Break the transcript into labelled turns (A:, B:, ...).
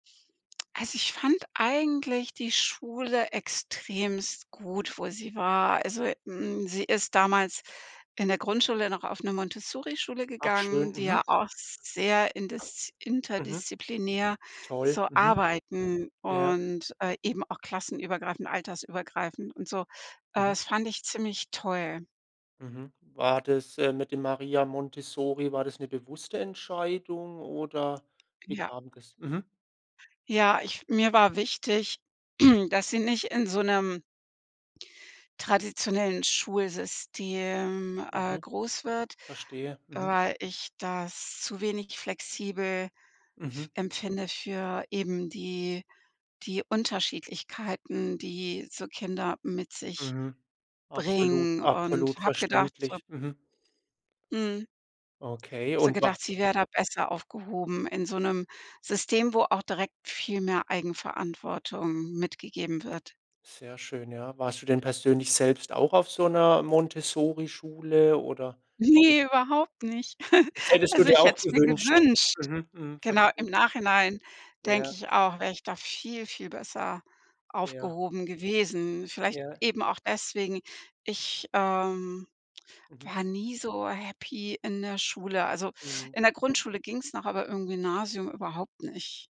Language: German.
A: Also ich fand eigentlich die Schule extrem gut, wo sie war. Also, hm, sie ist damals in der Grundschule noch auf 'ne Montessorischule
B: Ach
A: gegangen,
B: schön,
A: die
B: mhm.
A: ja auch sehr indis
B: Mhm.
A: interdisziplinär
B: Toll,
A: so
B: mhm.
A: arbeiten
B: Ja.
A: und, äh, eben auch klassenübergreifend, altersübergreifend und so. Äh,
B: Mhm.
A: das fand ich ziemlich toll.
B: Mhm, war das, ähm, mit dem Maria Montessori war das 'ne bewusste Entscheidung oder wie
A: Ja.
B: kam das? Mhm.
A: Ja, ich mir war wichtig, dass sie nicht in so 'nem traditionellen Schulsystem, äh,
B: Mhm.
A: groß wird.
B: Verstehe, mhm.
A: Weil ich das zu wenig flexibel f
B: Mhm.
A: empfinde für eben die die Unterschiedlichkeiten, die so Kinder mit sich
B: Mhm. Absolut
A: bringen. Und
B: absolut
A: habe gedacht, so
B: verständlich, mhm.
A: Mhm.
B: Okay
A: Habe so
B: und wa
A: gedacht, sie wäre da besser aufgehoben in so 'nem System, wo auch direkt viel mehr Eigenverantwortung mitgegeben wird.
B: Sehr schön, ja. Warst du denn persönlich selbst auch auf so 'ner Montessorischule oder
A: Ne, überhaupt nicht.
B: Das hättest du
A: Also
B: dir
A: ich hätte
B: auch
A: es mir
B: gewünscht.
A: gewünscht.
B: Mhm, mhm,
A: Genau, im
B: verstehe.
A: Nachhinein
B: Ja.
A: denke ich auch, wäre ich da viel, viel besser
B: Ja.
A: aufgehoben gewesen. Vielleicht
B: Ja.
A: eben auch deswegen. Ich, ähm,
B: Mhm.
A: war nie so happy in der Schule. Also
B: Mhm.
A: in der Grundschule ging's noch, aber im Gymnasium überhaupt nicht.